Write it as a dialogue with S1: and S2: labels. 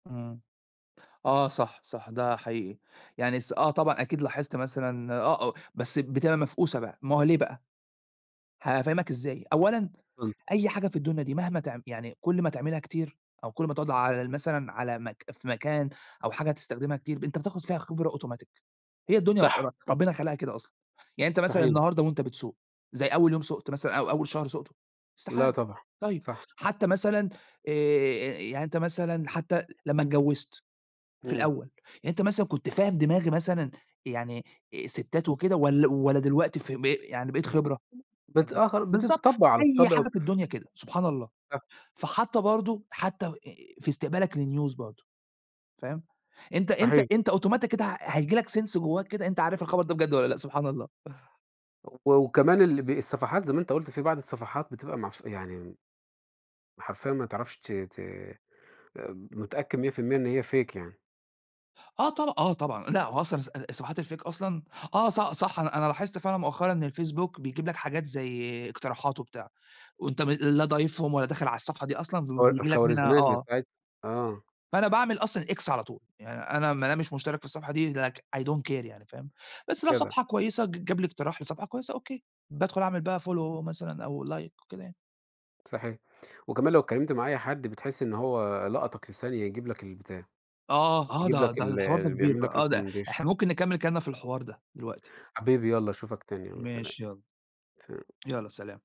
S1: إمم. آه، صح، صح، ده حقيقي. يعني الس آه طبعًا أكيد لاحظت مثلًا، آه، آه بس بتبقى مفقوسة بقى، ما هو ليه بقى؟ هافهمك إزاي، أولًا
S2: اتفضل.
S1: أي حاجة في الدنيا دي مهما تع يعني كل ما تعملها كتير أو كل ما تقعد على ال مثلًا على مك في مكان أو حاجة هتستخدمها كتير، أنت بتاخد فيها خبرة automatic، هي الدنيا
S2: صح.
S1: ر ربنا خلقها كده أصلًا، يعني أنت مثلًا
S2: صحيح.
S1: النهارده وأنت بتسوق زي أول يوم سُقت مثلًا أو أول شهر سُقته؟
S2: لأ
S1: استحالة.
S2: طبعًا،
S1: طيب،
S2: صح.
S1: حتى مثلًا آآ، يعني أنت مثلًا حتى لمّا اتجوزت في
S2: إمم.
S1: الأول، يعني أنت مثلًا كنت فاهم دماغي مثلًا يعني الستات وكده ول والّا دلوقتي ف ب يعني بقيت خبرة؟ أنت
S2: بتاخ
S1: بالضبط.
S2: بتتطبع على
S1: أي
S2: الطبْع
S1: حاجة في
S2: وبتفهم.
S1: الدنيا كده، سبحان الله!
S2: [unintelligible]
S1: فحتى برضو حتى آآ، في استقبالك لnews برضو، فاهم، أنت أنت
S2: صحيح.
S1: أنت automatic كده ه هييجي لك sense جواك كده أنت عارف الخبر ده بجد والّا لأ، سبحان الله!
S2: وكمان ال ب الصفحات زي ما أنت قُلت، في بعض الصفحات بتبقى معف يعني. حرفيًا ما تعرفش ت ت متأكد 100% إن هي fake يعني.
S1: آه طبع آه طبعًا. لأ هو أصلًا ص الصفحات الfake أصلًا آه ص صح أنا أنا لاحظت فعلًا مؤخرًا إن الFacebook بيجيب لك حاجات زي اقتراحات وبتاع، وأنت م لا ضايفهم ولا داخل على الصفحة دي أصلًا
S2: الخو
S1: وبييجي لك منها
S2: الخوارزميات
S1: آه.
S2: بتاعت آه.
S1: فأنا باعمل أصلًا X على طول. يعني أنا ما دام مش مشترك في الصفحة دي Like I don't care يعني، فاهم، بس لو
S2: جدع.
S1: صفحة كويسة ج جاب لي اقتراح لصفحة كويسة أوكي. بادخُل أعمل بقى
S2: [unintelligible]
S1: follow مثلًا أو like وكده يعني.
S2: صحيح. وكمان لو اتكلمت مع أي حد بتحس إن هو لقطك في ثانية، يجيب لك البتاع،
S1: آه، آه
S2: يجيب لك
S1: ده ده الحوار ده
S2: ال
S1: كبير
S2: يعمل
S1: بقى،
S2: لك
S1: آه ده إحنا
S2: recommendation.
S1: ممكن نكمِّل كلامنا في الحوار ده دلوقتي.
S2: حبيبي يالّا أشوفك تاني، يالّا سلام.
S1: ماشي يالّا.
S2: سلام.
S1: يالّا سلام.